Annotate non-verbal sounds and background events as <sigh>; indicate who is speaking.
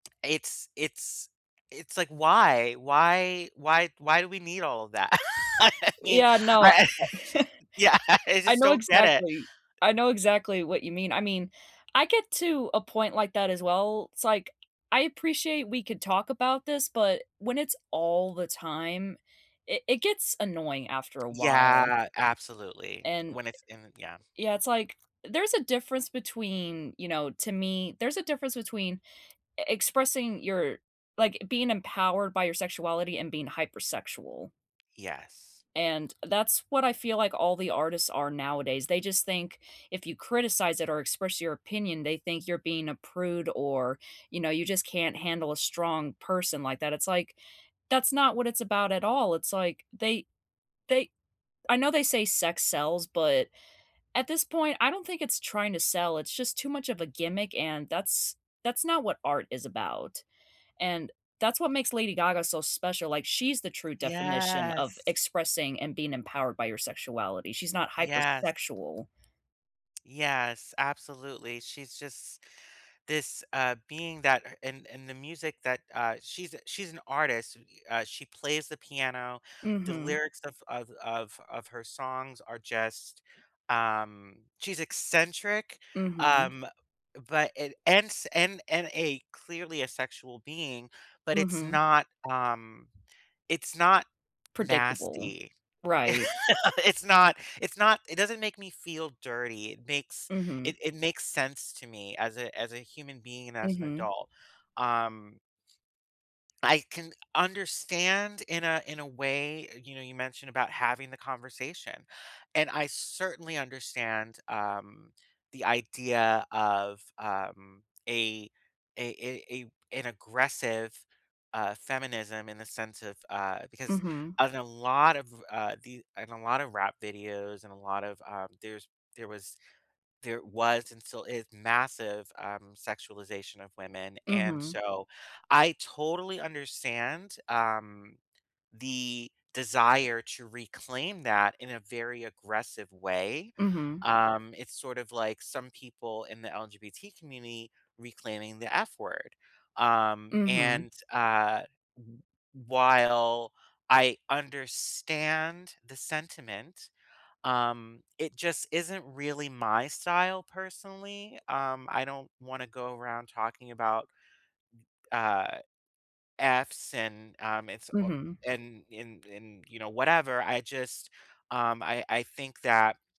Speaker 1: It's it's it's, like, why? Why why why do we need all of that? I mean,
Speaker 2: Yeah, no,
Speaker 1: I
Speaker 2: I <chuckles>
Speaker 1: Yeah, I
Speaker 2: I
Speaker 1: just
Speaker 2: know
Speaker 1: don't get it.
Speaker 2: exactly I know exactly what you mean I mean, I get to a point like that, as well. It's, like, I appreciate we could talk about this, but when it's all the time, i it gets annoying, after a while
Speaker 1: Yeah, absolutely,
Speaker 2: and
Speaker 1: when it's in yeah.
Speaker 2: Yeah, it's like, there's a difference between, you know to me, there's a difference between e expressing your like, being empowered by your sexuality and being hypersexual
Speaker 1: Yes.
Speaker 2: and that's what I feel, like, all the artists are nowadays; they just think if you criticize it or express your opinion, they think you're being a prude or, you know, you just can't handle a strong person like that. It's like, that's not what it's about at all, it's, like, they they I know they say "sex sells" but at this point, I don't think it's trying to sell, it's just too much of a gimmick and that's that's not what art is about. And that's what makes Lady Gaga so special, like, she's the true definition of
Speaker 1: Yes.
Speaker 2: expressing and being empowered by your sexuality, she's not
Speaker 1: Yes.
Speaker 2: hypersexual.
Speaker 1: Yes, absolutely, she's just this, uh, being that and and the music that, uh She's, uh she's an artist, uh, she plays the piano, the
Speaker 2: Mhm.
Speaker 1: lyrics of of of of her songs are just, um she's eccentric,
Speaker 2: Mhm.
Speaker 1: um, but and and s and and a clearly asexual being, but it's
Speaker 2: Mhm.
Speaker 1: not, um it's not
Speaker 2: Predictable,
Speaker 1: nasty. <laughs>
Speaker 2: right.
Speaker 1: It's not it's not it doesn't make me feel dirty, it makes
Speaker 2: Mhm.
Speaker 1: it it makes sense to me as a as a human being and as an
Speaker 2: Mhm.
Speaker 1: adult, um I can understand in a in a way, you know, you mentioned about having the conversation, and I certainly understand, um, the idea of, um, a a a a an aggressive, uh, feminism in the sense of, uh because
Speaker 2: Mhm.
Speaker 1: in a lot of, uh, the in a lot of rap videos and a lot of uh, there's there was there was and still is massive, um, sexualization of women, and
Speaker 2: Mhm.
Speaker 1: so I totally understand, um, the desire to reclaim that in a very aggressive way.
Speaker 2: Mhm.
Speaker 1: Um, it's sort of, like, some people in the LGBT community reclaiming the F word, um,
Speaker 2: Mhm.
Speaker 1: and, uh, w while I understand the sentiment, um, it just isn't really my style personally? Um, I don't wanna go around talking about th uh, Fs and, um, it's ob
Speaker 2: Mhm.
Speaker 1: and in in you know, whatever, I just um, I I think that